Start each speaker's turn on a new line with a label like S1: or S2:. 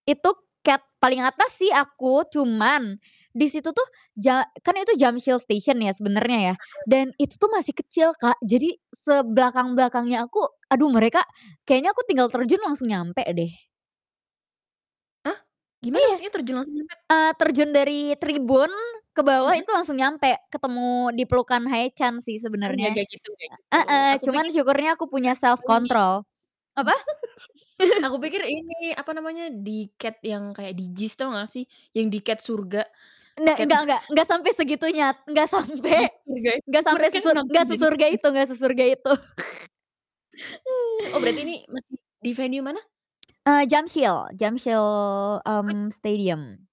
S1: Itu, Category paling atas sih aku. Cuman, di situ tuh ja kan itu Jamsil Station ya, sebenernya ya, dan itu
S2: Heeh.
S1: tuh masih kecil, Kak. Jadi, sebelakang-belakangnya aku, aduh mereka kayaknya aku tinggal terjun langsung nyampe deh.
S2: Hah? Gimana
S1: Iya,
S2: maksudnya terjun langsung,? [unintelligible]
S1: eee, terjun dari tribun, ke bawah
S2: Mhm.
S1: itu langsung nyampe ketemu dipelukan Haechan sih,
S2: Oh, nggak
S1: sebenarnya.
S2: kayak gitu kayak gitu.
S1: Heeh,
S2: Aku
S1: cuman
S2: pikir
S1: syukurnya
S2: aku
S1: aku
S2: pikir
S1: punya self
S2: ini
S1: control. Apa?
S2: Aku pikir ini, apa namanya, di Category yang kayak di JIS, tahu nggak sih? Yang di Category surga,
S1: Nek
S2: Category
S1: nggak nggak nggak sampe segitunya, nggak sampe
S2: Di surga,
S1: nggak sampe
S2: mereka
S1: sese
S2: nonton
S1: nggak
S2: dari
S1: sesurga
S2: surga.
S1: itu nggak sesurga itu.
S2: Oh, berarti ini masih di venue mana?
S1: Eee, Jamsil Jamsil,
S2: [unintelligible]
S1: mmm, Stadium.